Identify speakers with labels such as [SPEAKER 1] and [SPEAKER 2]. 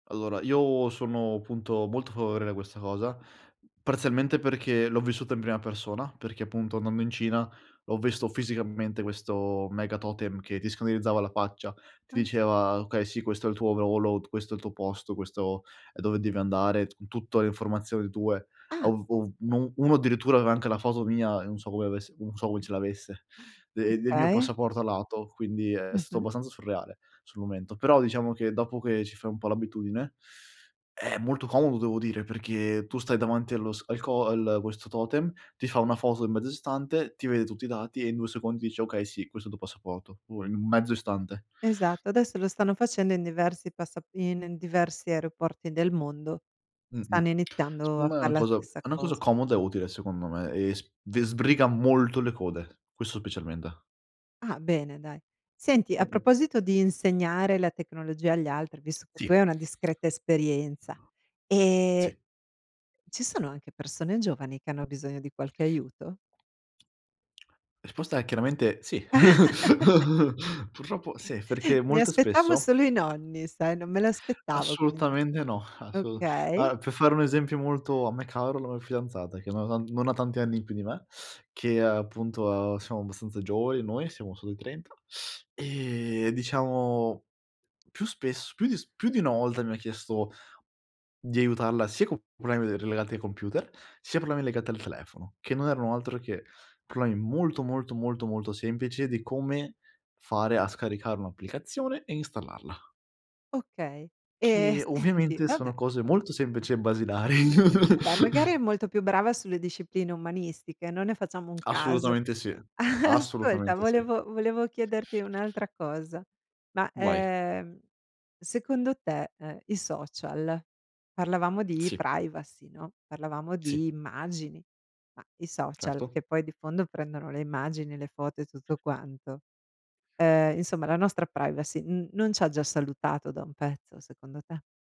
[SPEAKER 1] Allora, io sono punto molto favorevole a questa cosa, parzialmente perché, l'ho vissuta in prima persona, perché punto andando in Cina, ho visto fisicamente questo mega totem che ti scannerizzava la faccia, ti
[SPEAKER 2] Ah.
[SPEAKER 1] diceva: "Okay, sì questo è il tuo [unintelligible] questo è il tuo posto, questo è dove devi andare", con tutto le informazioni tue.
[SPEAKER 2] Ah.
[SPEAKER 1] Ov ov un uno addirittura aveva anche la foto mia, e non so come avesse non so come ce l'avesse,
[SPEAKER 2] Ah,
[SPEAKER 1] de del mio
[SPEAKER 2] okay.
[SPEAKER 1] passaporto a lato, quindi è stato
[SPEAKER 2] Mh-mh.
[SPEAKER 1] abbastanza surreale, sul momento. Però diciamo che, dopo che ci fai un po' l'abitudine, è molto comodo devo dire, perché tu stai davanti allo s al co al questo totem, ti fa 1 foto in mezzo istante, ti vede tutti i dati e in 2 secondi dice: "Okay sì, questo è il tuo passaporto", o in mezzo istante.
[SPEAKER 2] Esatto, adesso lo stanno facendo in diversi passap in in diversi aeroporti del mondo, stanno
[SPEAKER 1] Mh-mh,
[SPEAKER 2] iniziando a
[SPEAKER 1] secondo me è una
[SPEAKER 2] fare la
[SPEAKER 1] cosa
[SPEAKER 2] stessa
[SPEAKER 1] è una cosa
[SPEAKER 2] cosa.
[SPEAKER 1] comoda e utile secondo me, e sb de sbriga molto le code, questo specialmente.
[SPEAKER 2] Ah, bene dai. Senti, a
[SPEAKER 1] Mh-mh.
[SPEAKER 2] proposito di insegnare la tecnologia agli altri, visto che tu hai
[SPEAKER 1] Sì.
[SPEAKER 2] una discreta esperienza,
[SPEAKER 1] Sì.
[SPEAKER 2] e ci sono anche persone giovani che hanno bisogno di qualche aiuto?
[SPEAKER 1] Risposta è chiaramente "sì". Purtroppo sì, perché
[SPEAKER 2] Mi
[SPEAKER 1] molto
[SPEAKER 2] aspettavo
[SPEAKER 1] spesso
[SPEAKER 2] solo i nonni, sai? Non me l'aspettavo che mi di
[SPEAKER 1] Assolutamente no, assolu
[SPEAKER 2] okay.
[SPEAKER 1] ah, per fare un esempio molto a me caro, la mia fidanzata che non ha tan non ha tanti anni più di me, che appunto, uhm, siamo abbastanza giovani noi, siamo solo ai 30 e diciamo più spesso più s più di una volta mi ha chiesto di aiutarla sia co problemi de relegati ai computer, sia con problemi legati al telefono, che non erano altro che problemi molto, molto, molto, molto semplici di come fare a scaricare un'applicazione e installarla.
[SPEAKER 2] Okay, e
[SPEAKER 1] Che,
[SPEAKER 2] senti,
[SPEAKER 1] ovviamente
[SPEAKER 2] vabbè.
[SPEAKER 1] sono cose molto semplici e basilari.
[SPEAKER 2] Vabbè, magari è molto più brava sulle discipline umanistiche, non ne facciamo un caso.
[SPEAKER 1] Assolutamente sì,
[SPEAKER 2] Ascolta,
[SPEAKER 1] assolutamente sì.
[SPEAKER 2] volevo volevo chiederti un'altra cosa, ma,
[SPEAKER 1] Vai.
[SPEAKER 2] ehm, secondo te, ehm, i social parlavamo di
[SPEAKER 1] Sì.
[SPEAKER 2] privacy, no, parlavamo
[SPEAKER 1] Sì.
[SPEAKER 2] di immagini, ma i social,
[SPEAKER 1] Certo.
[SPEAKER 2] che poi di fondo prendono le immagini, le foto e tutto quanto, ehm, insomma, la nostra privacy n non c'ha già salutato da un pezzo secondo te?